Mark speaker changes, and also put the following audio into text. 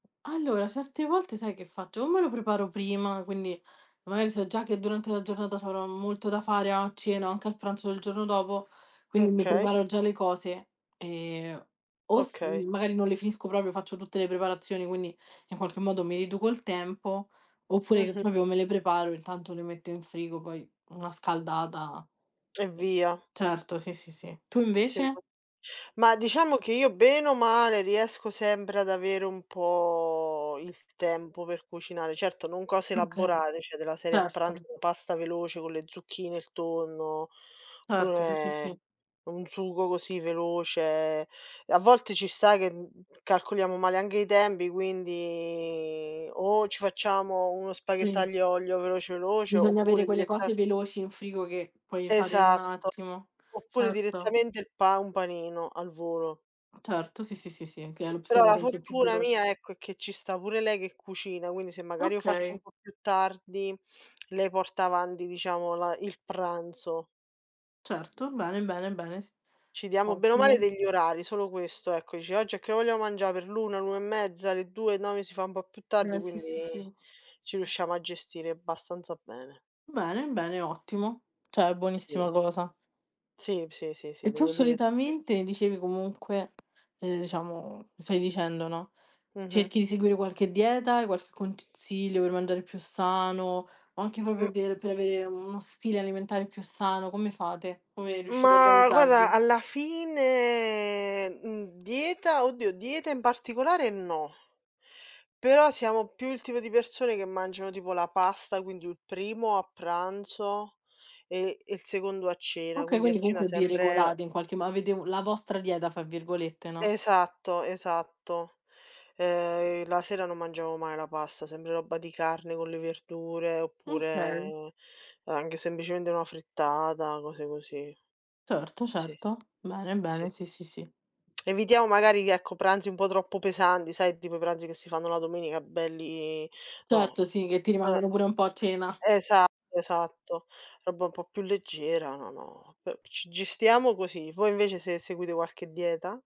Speaker 1: Allora certe volte sai che faccio? O me lo preparo prima, quindi magari so già che durante la giornata c'avrò molto da fare a cena, anche al pranzo del giorno dopo, quindi mi
Speaker 2: Okay.
Speaker 1: preparo già le cose; ehm, o s
Speaker 2: Okay.
Speaker 1: magari non le finisco proprio, faccio tutte le preparazioni, quindi in qualche modo mi riduco il tempo, oppure
Speaker 2: Mh-mh.
Speaker 1: proprio me le preparo, intanto le metto in frigo, poi una scaldata
Speaker 2: E
Speaker 1: mh.
Speaker 2: via.
Speaker 1: Certo, sì sì, sì. Tu
Speaker 2: Sì.
Speaker 1: invece?
Speaker 2: Ma diciamo che io bene o male riesco sempre ad avere un po' il tempo per cucinare, certo non cose
Speaker 1: Okay,
Speaker 2: elaborate, cioè della serie a pranzo,
Speaker 1: certo.
Speaker 2: pasta veloce con le zucchine, il tonno,
Speaker 1: Certo, sì, sì,
Speaker 2: pure
Speaker 1: sì.
Speaker 2: un sugo così veloce. A volte ci sta che, mhmm, calcoliamo male anche i tempi, quindi o ci facciamo uno
Speaker 1: Pri
Speaker 2: spaghetto aglio, olio, veloce veloce,
Speaker 1: Bisogna avere
Speaker 2: oppure
Speaker 1: quelle
Speaker 2: diretta
Speaker 1: cose veloci in frigo, che puoi fare in un
Speaker 2: Esatto,
Speaker 1: attimo.
Speaker 2: oppure
Speaker 1: Certo.
Speaker 2: direttamente il pa un panino, al volo.
Speaker 1: Certo, sì, sì, sì, sì, che è
Speaker 2: Eh, però
Speaker 1: l'opzione
Speaker 2: la
Speaker 1: penso più
Speaker 2: fortuna
Speaker 1: veloce.
Speaker 2: mia ecco, è che ci sta pure lei che cucina, quindi se magari lo faccio un
Speaker 1: Okay.
Speaker 2: po' più tardi lei porta avanti diciamo la il pranzo.
Speaker 1: Certo, bene, bene, bene, sì.
Speaker 2: Ci diamo bene o male
Speaker 1: Ottimo.
Speaker 2: degli orari, solo questo ecco. Dice: "Oggi a che ora vogliamo mangià per l'1, l'1 e mezza, le 2? No, si fa un po' più tardi",
Speaker 1: Eh, sì, sì,
Speaker 2: quindi
Speaker 1: sì.
Speaker 2: ci riusciamo a gestire abbastanza bene.
Speaker 1: Bene, bene, ottimo, cioè
Speaker 2: Sì.
Speaker 1: buonissima cosa.
Speaker 2: Sì, sì, sì, sì,
Speaker 1: E tu
Speaker 2: devo dire su ques
Speaker 1: solitamente dicevi comunque ehm, diciamo, mi stai dicendo, no,
Speaker 2: Mh-mh.
Speaker 1: cerchi di seguire qualche dieta, hai qualche consiglio per mangiare più sano o anche proprio
Speaker 2: Mh.
Speaker 1: per per avere uno stile alimentare più sano? Come fate? Come riuscite a
Speaker 2: Ma guarda
Speaker 1: organizzarvi?
Speaker 2: alla fine mhmm, dieta, oddio dieta in particolare, no però siamo più il tipo di persone che mangiano tipo la pasta, quindi u primo a pranzo, e il secondo a cena,
Speaker 1: Okay,
Speaker 2: quindi a
Speaker 1: quindi
Speaker 2: cena
Speaker 1: comunque, vi
Speaker 2: sempre
Speaker 1: regolate in qualche mo avete la vostra "dieta" fra virgolette, no?
Speaker 2: Esatto, esatto. Ehm, la sera non mangiamo mai la pasta, sempre roba di carne con le verdure
Speaker 1: Okay.
Speaker 2: oppure anche semplicemente una frittata, cose così.
Speaker 1: Certo,
Speaker 2: Sì.
Speaker 1: certo. Bene,
Speaker 2: Sì,
Speaker 1: bene,
Speaker 2: sì.
Speaker 1: sì, sì, sì.
Speaker 2: Evitiamo magari che ecco pranzi un po' troppo pesanti, sai tipo i pranzi che si fanno la domenica belli no.
Speaker 1: Certo sì, che ti
Speaker 2: Eh.
Speaker 1: rimangono pure un po' a cena.
Speaker 2: Esatto, esatto, roba un po' più leggera, no; po ci gestiamo così. Voi invece se seguite qualche dieta?